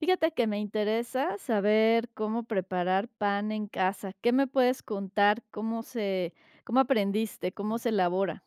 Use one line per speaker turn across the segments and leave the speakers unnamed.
Fíjate que me interesa saber cómo preparar pan en casa, ¿qué me puedes contar? ¿Cómo se cómo aprendiste? ¿Cómo se elabora?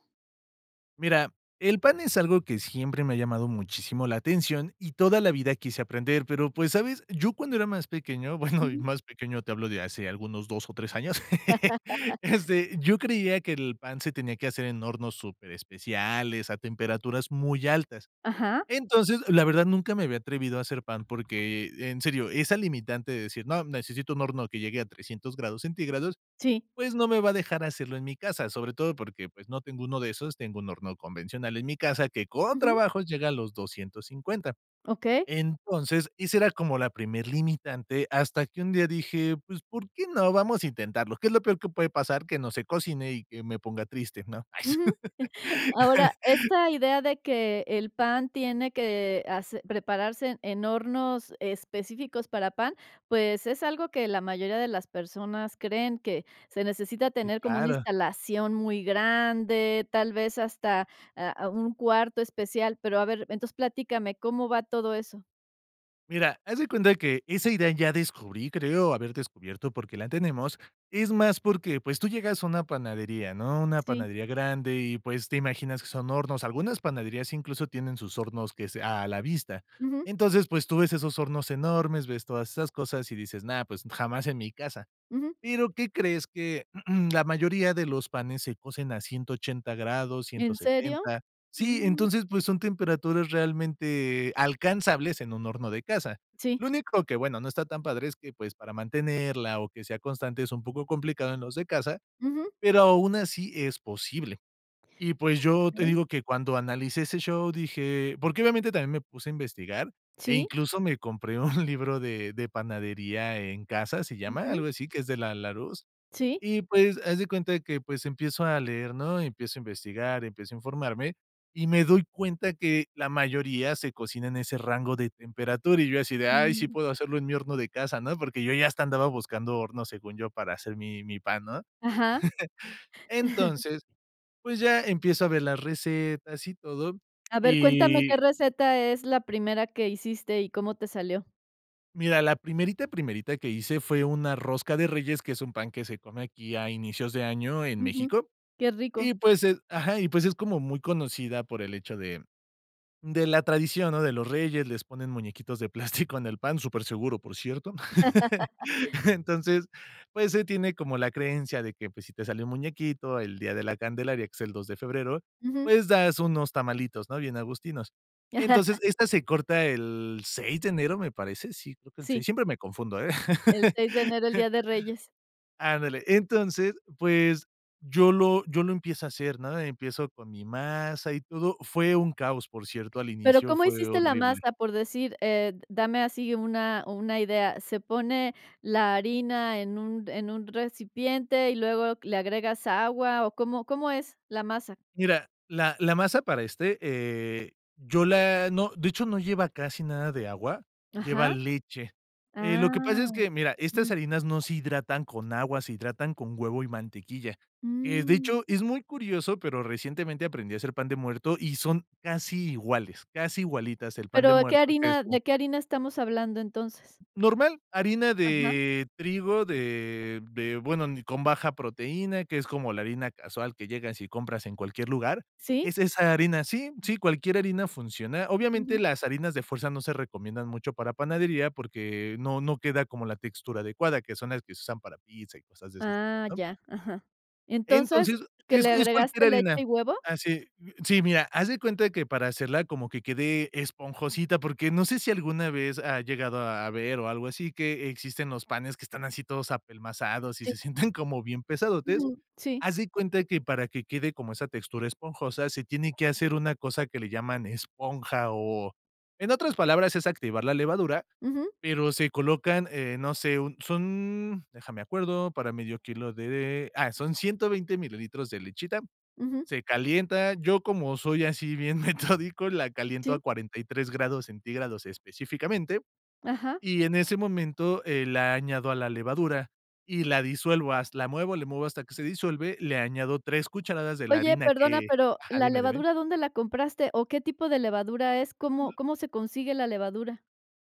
Mira, el pan es algo que siempre me ha llamado muchísimo la atención, y toda la vida quise aprender, pero, pues, ¿sabes? Yo cuando era más pequeño, bueno, y
Ujú.
más pequeño te hablo de hace algunos 2 o 3 años, este, yo creía que el pan se tenía que hacer en hornos superespeciales, a temperaturas muy altas.
Ajá.
Entonces, la verdad, nunca me había atrevido a hacer pan porque, en serio, esa limitante de decir: "No, necesito un horno que llegue a 300 grados centígrados",
Sí.
pues, no me va a dejar hacerlo en mi casa, sobre todo porque, pues, no tengo uno de esos, tengo un horno convencional en mi casa, que con
Ujú.
trabajos llega a los 250.
Okey.
Entonces, ese era como la primer limitante, hasta que un día dije: "Pues, ¿por qué no?, vamos a intentarlo, ¿qué es lo peor que puede pasar? Que no se cocine y que me ponga triste", ¿no?
Ujú.
Ay.
Ahora, esta idea de que el pan tiene que hacer prepararse en en hornos específicos para pan, pues, es algo que la mayoría de las personas creen, que se necesita
Sí,
tener como una
claro.
instalación muy grande, tal vez hasta, ah, u un cuarto especial. Pero, a ver, entonces, platícame, ¿cómo va todo eso?
Mira, haz de cuenta que esa idea ya descubrí, creo haber descubierto porque la tenemos, es más porque, pues, tú llegas a una panadería, ¿no? Una
Sí.
panadería grande y, pues, te imaginas que son hornos. Algunas panaderías incluso tienen sus hornos que sea, a la vista.
Ujú.
Entonces, pues, tú ves esos hornos enormes, ves todas esas cosas y dices, no, pues, jamás en mi casa.
Ujú.
Pero, ¿qué crees? Que la mayoría de los panes se cosen a 180 grados, ciento
¿En serio?
setenta. Sí,
Mm.
entonces, pues, son temperaturas realmente alcanzables en un horno de casa.
Sí.
Lo único que, bueno, no está tan padre es que, pues, para mantenerla o que sea constante es un poco complicado en los de casa,
Ujú.
pero aún así es posible. Y, pues, yo te
Okey.
digo que cuando analicé ese show dije porque, obviamente también me puse a investigar, e
Sí.
incluso me compré un libro de de panadería en casa, se llama,
Ujú.
algo así, que es de la Larousse.
Sí.
Y, pues, haz de cuenta que, pues, empiezo a leer, ¿no? Empiezo a investigar, empiezo a informarme y me doy cuenta que la mayoría se cocinan a ese rango de temperatura, y yo así de, ay, sí
Mm.
puedo hacerlo en mi horno de casa, ¿no? Porque, yo ya hasta andaba buscando horno, según yo, para hacer mi mi pan, ¿no?
Ajá.
Entonces, pues, ya empiezo a ver las recetas y todo
A ver cuéntame,
y
¿qué receta es la primera que hiciste y cómo te salió?
Mira, la primerita, primerita que hice fue una rosca de reyes, que es un pan que se come aquí a inicios de año en
Ujú.
México.
Qué rico.
Y, pues, eh ajá, y pues es como muy conocida por el hecho de de la tradición, ¿no?, de los reyes, les ponen muñequitos de plástico en el pan, superseguro, por cierto. Entonces, pues, se tiene como la creencia de que, pues, si te sale un muñequito el día de La Candelaria, que es el 2 de febrero,
Ujú.
pues, das unos tamalitos, ¿no? Bien agustinos. Entonces, esta se corta el 6 de enero, me parece, sí, creo que el 6,
Sí.
siempre me confundo, ¿eh?
El 6 de enero, el Día de Reyes.
Ándale, entonces, pues, yo lo yo lo empiezo a hacer, ¿no? Empiezo con mi masa y todo, fue un caos, por cierto, al
Pero,
inicio
¿cómo
fue
hiciste la
horrible.
masa? Por decir, eh, d dame así una una idea, ¿se pone la harina en un en un recipiente y luego le agregas agua o, cómo cómo es la masa?
Mira, la la masa para este, eh, yo la no, de hecho, no lleva casi nada de agua, lleva
Ajá.
leche. Eh, lo que pasa es
Ah.
que, mira, estas
Ujú.
harinas no se hidratan con agua, se hidratan con huevo y mantequilla. Eh, de
Mm.
hecho, es muy curioso pero, recientemente aprendí a hacer pan de muerto y son casi iguales, casi igualitas el pan
Pero,
de
¿de qué
muerto, que es
harina
co
de qué harina estamos hablando entonces?
normal, harina
Ajá.
de trigo, de de bueno, ni con baja proteína, que es como la harina casual que llegas y compras en cualquier lugar
Sí.
es esa harina sí, sí, cualquier harina funciona. Obviamente,
Ujú.
las harinas de fuerza no se recomiendan mucho para panadería, porque, no no queda como la textura adecuada, que son las que se usan para pizza y cosas de ese estilo,
Ah,
¿no?
ya. Ajá. Entonces,
Entonces,
¿que
es
le
es cualquier
agregaste leche
harina,
y huevo?
así, mm, sí, mira, haz de cuenta que para hacerla como que quede esponjosita, porque, no sé si alguna vez has llegado a ver o algo así que existen los panes que están así todos apelmazados y
Sí.
se sienten como bien pesadotes.
Ujú. Sí.
Haz de cuenta que para que quede como esa textura esponjosa, se tiene que hacer una cosa que le llaman esponja o en otras palabras, es activar la levadura,
Ujú.
pero se colocan, eh, no sé, un son, deja me acuerdo, para medio kilo de ah, son 120 mililitros de lechita.
Ujú.
Se calienta, yo, como soy así bien metódico, la caliento a
Sí.
43 grados centígrados, específicamente,
Ajá.
y en ese momento, eh, la añado a la levadura y la disuelvo has la muevo, le muevo hasta que se disuelve, le añado 3 cucharadas de la
Oye,
harina
perdona,
que
pero,
ajá,
¿la
dime, dime.
levadura dónde la compraste? O, ¿qué tipo de levadura es? ¿Cómo cómo se consigue la levadura?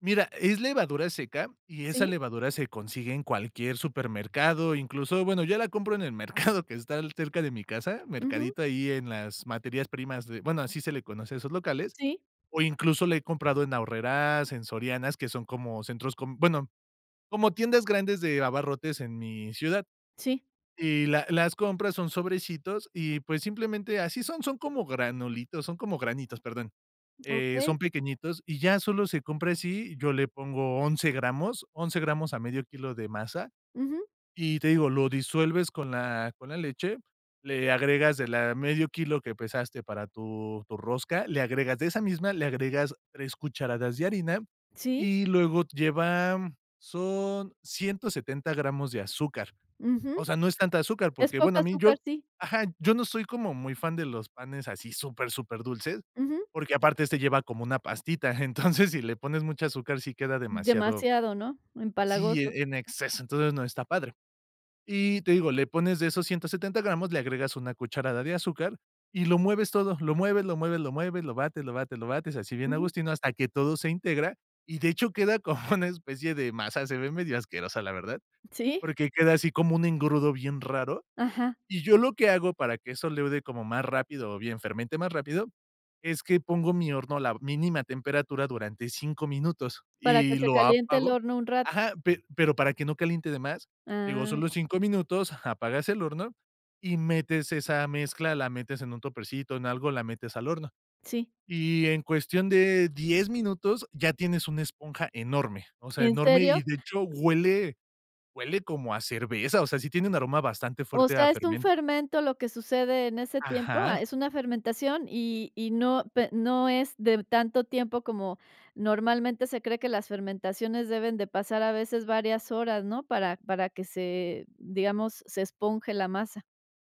Mira, es levadura seca, y esa
¿Sí?
levadura se consigue en cualquier supermercado, incluso, bueno, yo la compro en el mercado que está cerca de mi casa,
Ujú.
mercadito ahí en las materias primas de bueno, así se le conoce a esos locales,
Sí.
o incluso la he comprado en Aurrerás, en Sorianas, que son como centros com bueno, como tiendas grandes de abarrotes en mi ciudad.
Sí.
Y la las compras, son sobrecitos y, pues, simplemente, así son. Son como granulitos, son como granitos, perdón. Eh, son
Okey.
pequeñitos y ya solo se compra así, yo le pongo 11 gramos, 11 gramos a medio kilo de masa
Ujú.
y, te digo, lo disuelves con la con la leche, le agregas de la medio kilo que pesaste para tu tu rosca, le agregas de esa misma, le agregas 3 cucharadas de harina
Sí.
y luego lleva, mm, son 170 gramos de azúcar.
Ujú.
O sea, no es tanta azúcar
Es
porque, bueno,
poca
a mí
azúcar,
yo
sí.
ajá, yo no soy como muy fan de los panes así súper, superdulces,
Ujú.
porque, aparte este lleva como una pastita. Entonces, si le pones mucha azúcar, sí queda
Mm,
demasiado
demasiado, ¿no?
Sí,
Empalagoso.
eh, en exceso, entonces, no está padre. Y te digo, le pones de esos 170 gramos, le agregas una cucharada de azúcar y lo mueves todo, lo mueves, lo mueves, lo mueves, lo bates, lo bates, lo bates, así bien
Ujú.
agustino hasta que todo se integra, y de hecho, queda como una especie de masa, se ve medio asquerosa la verdad,
Sí.
porque, queda así como un engrudo bien raro,
Ajá.
y yo lo que hago para que eso leude como más rápido o bien fermente más rápido, es que pongo mi horno a la mínima temperatura durante 5 minutos
Para que
y
se
lo
caliente el
apago
horno un rato.
Ajá, pe pero para que no caliente de más, digo,
Ah.
solo 5 minutos, ajá, apagas el horno y metes esa mezcla, la metes en un topercito, en algo, la metes al horno.
Sí.
Y en cuestión de 10 minutos ya tienes una esponja enorme, o sea,
¿En
enorme
serio?
y, de hecho, huele huele como a cerveza, o sea, sí tiene un aroma bastante
O
fuerte a
sea, es un
fermen
fermento lo que sucede en ese tiempo, ah,
Ajá.
es una fermentación, y y no pe y no es de tanto tiempo como normalmente se cree que las fermentaciones deben de pasar a veces varias horas, ¿no? Para para que se, digamos, se esponje la masa.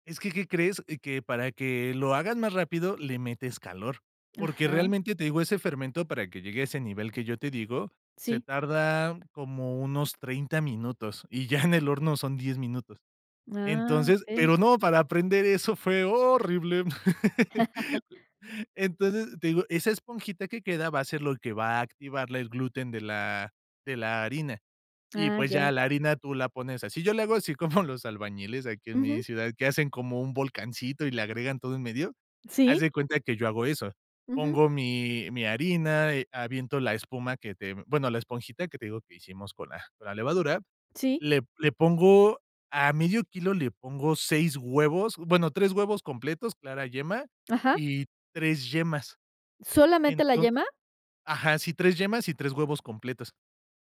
Es que, ¿qué crees? Que para que lo hagas más rápido le metes calor, porque,
Ajá.
realmente te digo, ese fermento para que llegue a ese nivel que yo te digo, se
Sí.
tarda como unos 30 minutos, y ya en el horno son 10 minutos.
Ah,
Entonces,
okey.
pero no, para aprender eso fue horrible. Entonces, te digo, esa esponjita que queda, va a ser lo que va a activarle el gluten de la de la harina. Y,
Ah,
pues, ya
ya.
la harina tú la pones así. Yo le hago así, como los albañiles aquí en mi
Ujú.
ciudad, que hacen como un volcancito y le agregan todo en medio, haz
¿Sí?
de cuenta que yo hago eso.
Ujú.
Pongo mi mi harina, eh, aviento la espuma que te, bueno, la esponjita que te digo, que hicimos con la con la levadura,
Sí.
le le pongo a 1/2 kilo, le pongo 6 huevos, bueno, 3 huevos completos, clara yema,
Ajá.
y 3 yemas.
¿Solamente la
Entonces,
yema?
ajá, sí, 3 yemas y 3 huevos completos,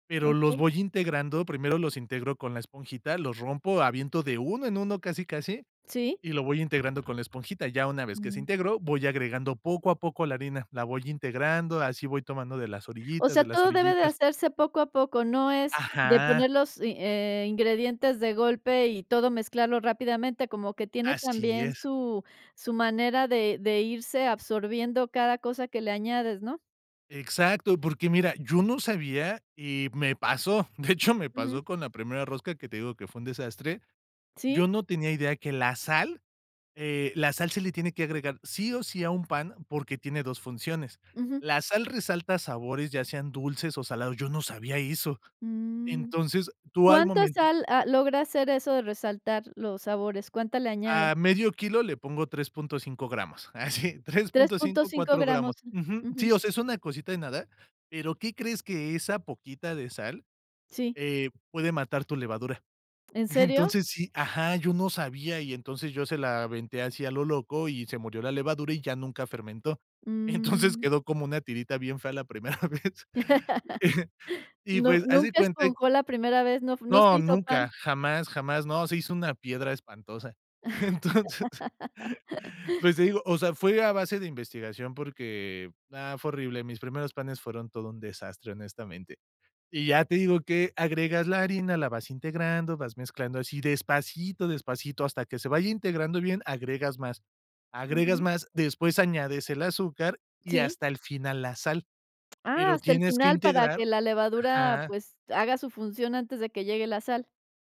pero los
Okey.
voy integrando, primero los íntegro con la esponjita, los rompo, aviento de 1 en 1, casi, casi,
Sí.
y lo voy integrando con la esponjita. Ya una vez que se
Ujú.
integró, voy agregando poco a poco la harina, la voy integrando, así voy tomando de las
O
orillitas,
sea,
de las
todo debe de
orillitas
hacerse poco a poco, no es de
Ajá.
poner, los i eh, ingredientes de golpe y todo mezclarlo rápidamente, como que tiene
Así
también
es.
su su manera de de irse absorbiendo cada cosa que le añades, ¿no?
Exacto, porque mira, yo no sabía y me pasó, de hecho, me pasó
Ujú.
con la primera rosca que te digo que fue un desastre,
Sí.
yo no tenía idea que la sal, eh, la sal se le tiene que agregar, sí o sí a un pan, porque, tiene 2 funciones.
Ujú.
La sal resalta sabores, ya sean dulces o salados, yo no sabía eso.
Mmm,
Entonces, tú al
¿cuánta
momento
sal, ah, logra hacer eso de resaltar los sabores? ¿Cuánta le añade?
A 1/2 kilo le pongo 3.5 gramos, así, tres,
tres punto
cinco,
cinco
4
gramos,
gramos, ujú. Sí,
ujú.
o sea, es una cosita de nada, pero, ¿qué crees?, que esa poquita de sal,
Sí.
eh, puede matar tu levadura.
¿En serio?
Entonces, sí, ajá, yo no sabía y, entonces, yo se la aventé así a lo loco, y se murió la levadura y ya nunca fermentó. Entonces,
Mm.
quedó como una tirita bien fea la primera vez. Y,
No,
pues, haz de
nunca
cuenta
esponjó la primera vez, no f no se
no,
hizo
nunca,
pan.
jamás jamás, no, se hizo una piedra espantosa, entonces pues, te digo, o sea, fue a base de investigación porque, ah, fue horrible, mis primeros panes fueron todo un desastre, honestamente. Y ya te digo que agregas la harina, la vas integrando, vas mezclando así, despacito, despacito, hasta que se vaya integrando bien, agregas más, agregas
Ujú.
más, después añades el azúcar y
¿Sí?
hasta el final, la sal,
Ah,
pero
hasta el
tienes que
final para que
integrar
la levadura,
Ajá.
pues, haga su función antes de que llegue la sal.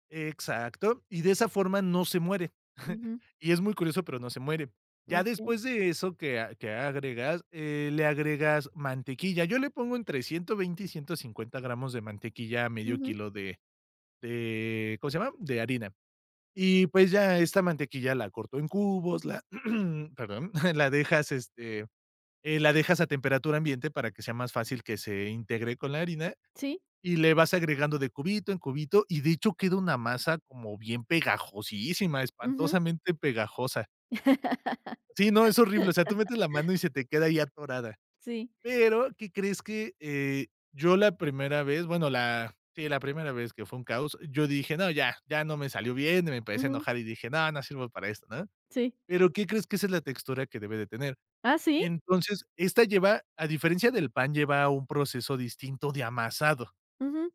Exacto, y de esa forma no se muere.
Ujú.
Y es muy curioso, pero, no se muere. Ya
Okey.
después de eso que a que agregas, eh, le agregas mantequilla. Yo le pongo entre 120 y 150 gramos de mantequilla a 1/2
Ujú.
kilo de de, ¿cómo se llama?, de harina. Y, pues, ya esta mantequilla, la corto en cubos, la perdón, la dejas, este, eh, la dejas a temperatura ambiente, para que sea más fácil que se integre con la harina,
Sí.
y le vas agregando de cubito en cubito, y de hecho queda una masa como bien pegajosísima,
Ujú.
espantosamente pegajosa. Sí, no, es horrible, o sea, tú metes la mano y se te queda ahí atorada.
Sí.
Pero, ¿qué crees? Que, eh, yo la primera vez, bueno, la sí, la primera vez, que fue un caos, yo dije: "No, ya, ya no me salió bien," y me empecé a
Ujú.
enojar, y dije: "No, no sirvo para esto," ¿no?
Sí.
Pero, ¿qué crees? Que esa es la textura, que debe de tener.
¿Ah, sí?
Entonces, esta lleva, a diferencia del pan, lleva un proceso distinto de amasado.
Ujú.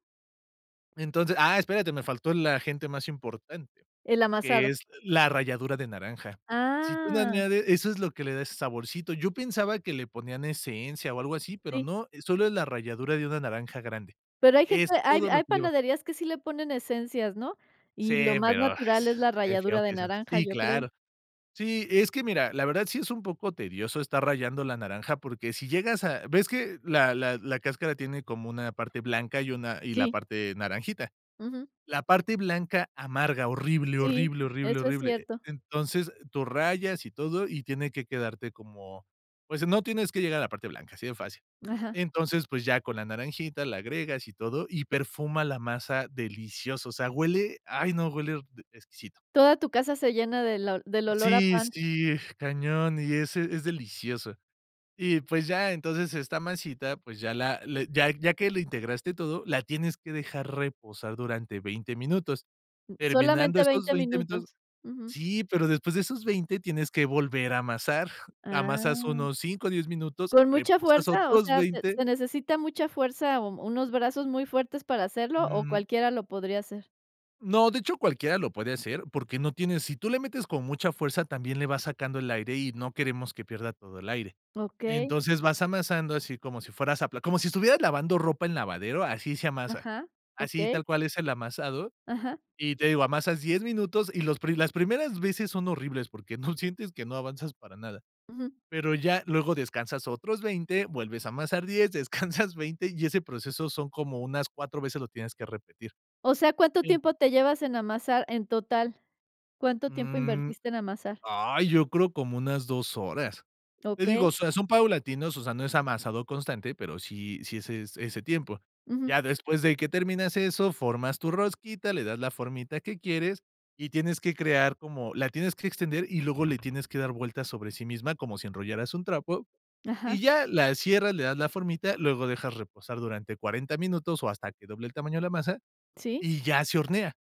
Entonces, ah, espérate, me faltó el agente más importante,
El
que
amasado.
es la ralladura de naranja. Si tú no
Ah.
añades eso es lo que le da ese saborcito. Yo pensaba que le ponían esencia o algo así, pero
Sí.
no, solo es la ralladura de una naranja grande,
Pero hay gente
es
hay
todo lo
hay
que lleva.
panaderías que sí le ponen esencias, ¿no?
Sí,
Y lo más
pero,
natural es la
que que feo
ralladura de
que seas
naranja,
así,
yo creo.
claro. Sí, es que mira, la verdad sí es un poco tedioso estar rayando la naranja, porque, si llegas a ves que la la la cáscara tiene como una parte blanca y una y la
Sí.
parte naranjita.
Ujú.
La parte blanca amarga, horrible,
Sí,
horrible, horrible,
eso es
horrible.
cierto.
Entonces, tú rayas, y todo y tiene que quedarte como, pues, no tienes que llegar a la parte blanca, así de fácil.
Ajá.
Entonces, pues, ya con la naranjita la agregas, y todo y perfuma la masa delicioso. O sea, huele, ay no, huele e exquisito.
Toda tu casa se llena del ol del olor a
Sí,
pan.
sí, cañón y ese es delicioso. Y, pues, ya, entonces, esta masita, pues, ya la le ya ya que la integraste todo, la tienes que dejar reposar durante 20 minutos.
Mm,
Terminando
solamente
esos
20
20 minutos
minutos. Ujú.
Sí, pero, después de esos 20 tienes que volver a amasar, amasas
Ah.
unos 5, 10 minutos,
Con mucha
reposas
fuerza, o
otros
sea, ¿se
20
se necesita mucha fuerza, o unos brazos muy fuertes, para hacerlo, o
Mm.
cualquiera lo podría hacer?
No, de hecho, cualquiera lo puede hacer, porque, no tiene sí tú le metes con mucha fuerza, también le vas sacando el aire, y no queremos que pierda todo el aire.
Okey.
Entonces, vas amasando así, como si fueras a pla como si estuvieras lavando ropa en lavadero, así se amasa.
Ajá,
Así
okey.
tal cual es el amasado,
Ajá.
y te digo, amasas 10 minutos, y los pri las primeras veces son horribles porque no sientes que no avanzas para nada.
Ujú.
Pero, ya luego descansas otros 20, vuelves a amasar 10, descansas 20, y ese proceso son como unas 4 veces lo tienes que repetir.
O sea, ¿cuánto
Sí.
tiempo te llevas en amasar en total? ¿Cuánto tiempo
Mm.
invertiste en amasar?
Ay, yo creo como unas 2 horas. Te digo,
Okey.
o sea, son paulatinos, o sea, no es amasado constante, pero, sí sí es ese tiempo.
Ujú.
Ya después de que terminas eso, formas tu rosquita, le das la formita que quieres, y tienes que crear como la tienes que extender, y luego le tienes que dar vueltas sobre sí misma, como si enrollaras un trapo. Y
Ajá.
ya la cierras, le das la formita, luego dejas reposar durante 40 minutos, o hasta que doble el tamaño de la masa,
Sí.
y ya se hornea.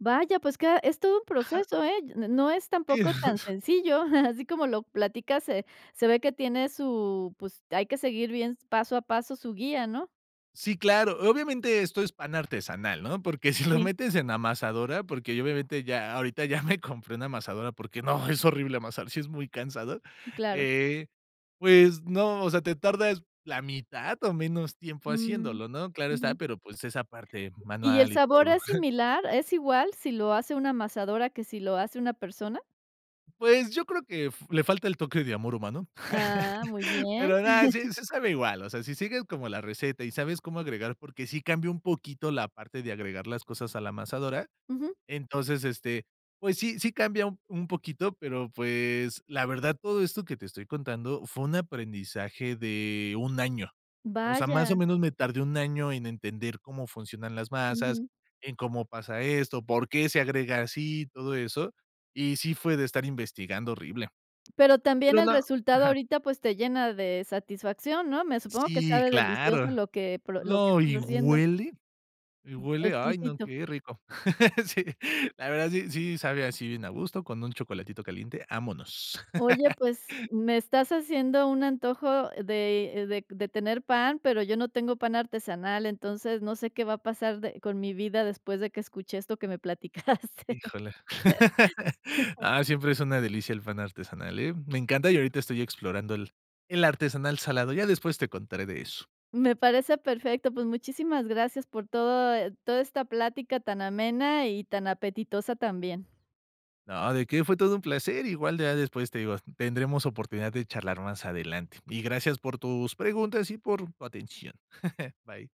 Vaya, pues, que a es todo un
Ajá.
proceso, ¿eh? no no es
Sí.
tampoco tan sencillo, así como lo platicas, se se ve que tiene su, pues, hay que seguir bien paso a paso su guía, ¿no?
Sí, claro. Obviamente, esto es pan artesanal, ¿no? Porque, si lo
Sí.
metes en amasadora, porque, yo obviamente, ya ahorita ya me compré una amasadora porque no, es horrible amasar, si es muy cansado,
Claro.
eh, pues, no, o sea, te tardas la mitad o menos tiempo
Mm,
haciéndolo, ¿no? Claro está,
ujú.
pero, pues, es aparte
Y, ¿el
manual y
sabor
todo.
es similar? ¿Es igual, si lo hace una amasadora que si lo hace una persona?
Pues, yo creo que f le falta el toque de amor humano.
Ah, muy bien.
Pero no, sí sí sabe igual, o sea, si sigues como la receta y sabes cómo agregar porque, sí cambia un poquito la parte de agregar las cosas a la amasadora.
Ujú.
Entonces, este, pues sí sí cambia u un poquito, pero, pues, la verdad, todo esto que te estoy contando fue un aprendizaje de 1, año. O sea, más o
Vaya.
menos me tardé 1, año en entender cómo funcionan las masas,
Ujú.
en cómo pasa esto, por qué se agrega así, todo eso, y sí fue de estar investigando horrible.
Pero, también
Pero
el
no.
resultado
Ajá
ahorita, pues, te llena de satisfacción, ¿no? Me supongo que
Sí,
sabe delicioso
claro.
lo que pro lo que
No,
estás
y
haciendo.
huele. Y huele, ay no,
Exquisito.
qué rico. Sí, la verdad sí, sí sabe así bien agusto, con un chocolatito caliente, vámonos.
Oye, pues, me estás haciendo un antojo de de de tener pan, pero, yo no tengo pan artesanal, entonces, no sé, qué va a pasar de con mi vida, después de que escuché esto que me platicaste.
Híjole. Ah, siempre es una delicia el pan artesanal, ¿eh? Me encanta, y ahorita estoy explorando el el artesanal salado, ya después te contaré de eso.
Me parece perfecto, pues, muchísimas gracias por todo toda esta plática tan amena y tan apetitosa también.
No, ¿de qué? Fue todo un placer. Igual, ya después te digo, tendremos oportunidad de charlar más adelante, y gracias por tus preguntas y por tu atención. Bye.